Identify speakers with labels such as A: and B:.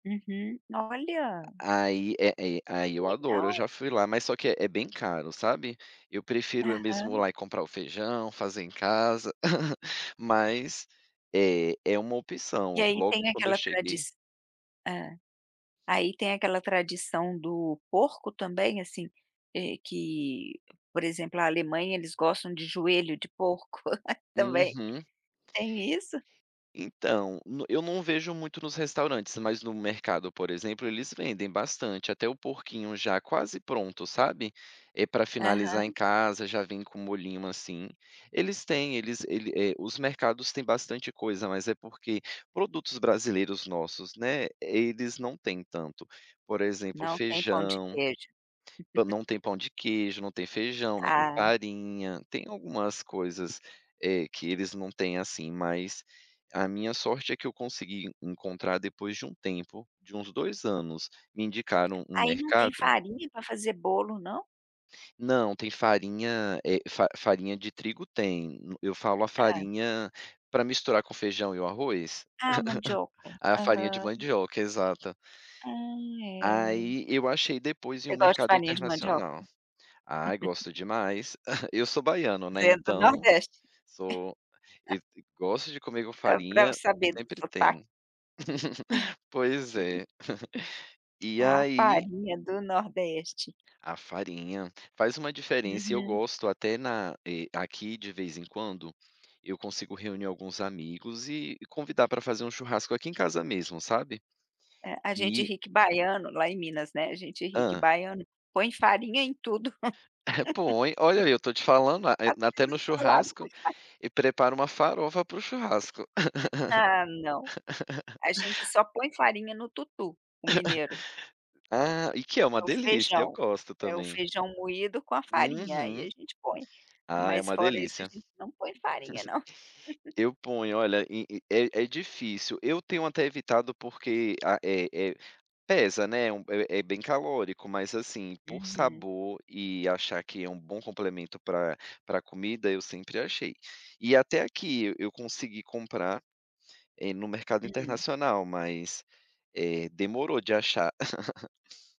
A: Uhum, olha.
B: A aí, é é aí eu adoro, eu
A: Legal.
B: já fui lá mas só que é é bem caro, sabe? Eu prefiro eu mesmo ir
A: Aham.
B: lá e comprar o feijão, fazer em casa. Mas, é é uma
A: E
B: opção.
A: aí
B: Logo
A: tem
B: quando eu
A: aquela tradi
B: cheguei
A: hã. Aí tem aquela tradição do porco também, assim, eh, que por exemplo, a Alemanha eles gostam de joelho de porco também.
B: Uhum.
A: Tem isso?
B: Então, n eu não vejo muito nos restaurantes, mas no mercado, por exemplo, eles vendem bastante, até o porquinho já quase pronto, sabe? Eh, pra finalizar em
A: Aham.
B: casa, já vem com um molhinho, assim. Eles têm, eles ele eh, os mercados têm bastante coisa, mas é porque produtos brasileiros, nossos, né, eles não têm tanto. Por exemplo
A: Não tem pão de
B: feijão,
A: queijo.
B: pã não tem pão de queijo, não tem feijão, não tem
A: Ah.
B: farinha. Tem algumas coisas, eh, que eles não têm, assim, mas a minha sorte é que eu consegui encontrar depois de um tempo, de uns 2 anos, me indicaram um
A: Aí não tem
B: mercado
A: farinha pra fazer bolo, não?
B: Não, tem farinha, eh, fa farinha de trigo tem, eu falo a
A: Hã.
B: farinha pra misturar com feijão e o arroz?
A: Ah, mandioca,
B: A farinha de
A: aham.
B: mandioca, exata.
A: Ah, é.
B: Aí, eu achei depois em um
A: Você gosta de
B: mercado
A: farinha de mandioca?
B: internacional. Ai, gosto demais. Eu sou baiano, né,
A: Você é do
B: então
A: Nordeste.
B: sou, e gosto de comer com
A: Dá pra
B: farinha,
A: saber do
B: sempre
A: sotaque.
B: tem. Pois é. E
A: A
B: aí
A: farinha do nordeste.
B: A farinha. Faz uma diferença e eu
A: Uhum.
B: gosto até na eh, aqui de vez em quando, eu consigo reunir alguns amigos e convidar pra fazer um churrasco aqui em casa mesmo, sabe?
A: É, a gente
B: E
A: ri que baiano lá em Minas, né, a gente ri que
B: Hã?
A: baiano, põe farinha em tudo.
B: Põe. Olha, eu tô te falando, a eh,
A: Até
B: até no
A: em salada põe
B: churrasco.
A: fa
B: E prepara uma farofa pra o churrasco.
A: Ah não. A gente só põe farinha no tutu, o mineiro.
B: Ah, e que é uma
A: É o
B: delícia, eu
A: feijão,
B: gosto
A: é o
B: também.
A: feijão moído com a farinha, aí
B: Uhum.
A: a gente põe.
B: Ah, é
A: Mas
B: uma
A: fora isso a
B: delícia.
A: gente não põe farinha não.
B: Eu ponho. Olha, e e é difícil, eu tenho até evitado porque a eh eh, pesa né, é um é é bem calórico. Mas assim, por
A: Uhum.
B: sabor e achar que é um bom complemento pra pra comida, eu sempre achei. E até aqui e eu consegui comprar, eh, no mercado
A: Hum.
B: internacional, mas, eh, demorou de achar.